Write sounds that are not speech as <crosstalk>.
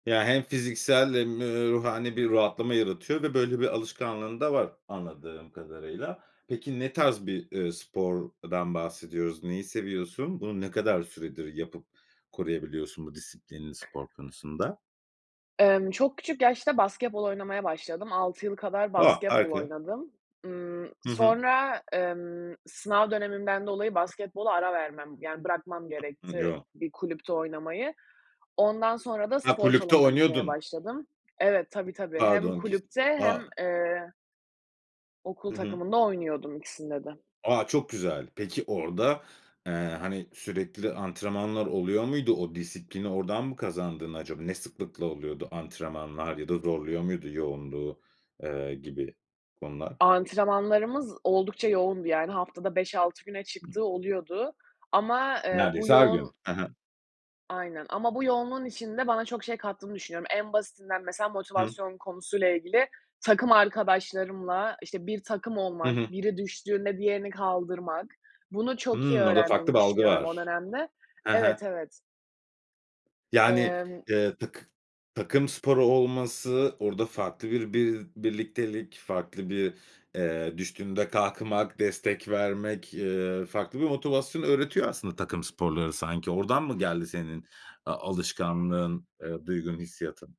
Ya, hem fiziksel hem, eee, ruhani bir rahatlama yaratıyor ve, böyle, bir alışkanlığın da var anladığım kadarıyla. Peki, ne tarz bir, eee, spordan bahsediyoruz? Neyi seviyorsun? Bunu ne kadar süredir yapıp koruyabiliyorsun bu disiplinini spor konusunda? Emm, çok küçük yaşta basketbol oynamaya başladım. 6 yıl kadar A, basketbol harika! oynadım. Imm, Hı hı. sonra, emm, sınav dönemimden dolayı basketbola ara vermem, yani, bırakmam gerekti <unintelligible> bir kulüpte oynamayı. Ondan sonra da Ha, spor kulüpte salonuna gitmeye oynuyordun. başladım Evet, tabii, tabii, hem Pardon kes kulüpte hem, a eee okul Hı hı. takımında oynuyordum ikisinde de. A, çok güzel! Peki orada, eee, hani, sürekli antrenmanlar oluyor muydu, o disiplini oradan mı kazandın acaba? Ne sıklıkla oluyordu antrenmanlar ya da zorluyor muydu yoğunluğu, eee, gibi konular? Antrenmanlarımız oldukça yoğundu, yani, haftada 5-6 güne çıktığı oluyordu ama, eee, bu Neredeyse her gün. yoğun He he. Aynen, ama bu yoğunluğun içinde bana çok şey kattığını düşünüyorum. En basitinden, mesela, Hı. motivasyon konusu ile ilgili takım arkadaşlarımla, işte, bir takım Hı olmak, hı. biri düştüğünde diğerini kaldırmak, bunu çok iyi Hımm, orada farklı öğrendiğimi bir algı düşünüyorum o var. dönemde. He he. Evet, evet. Yani, Emm eee, takı takım sporu olması orada farklı bir bi birliktelik, farklı bir, eee, düştüğünde kalkmak, destek vermek, ııı, farklı bir motivasyon öğretiyor, aslında, takım sporları sanki. Oradan mı geldi senin a alışkanlığın, eee, duygun, hissiyatın?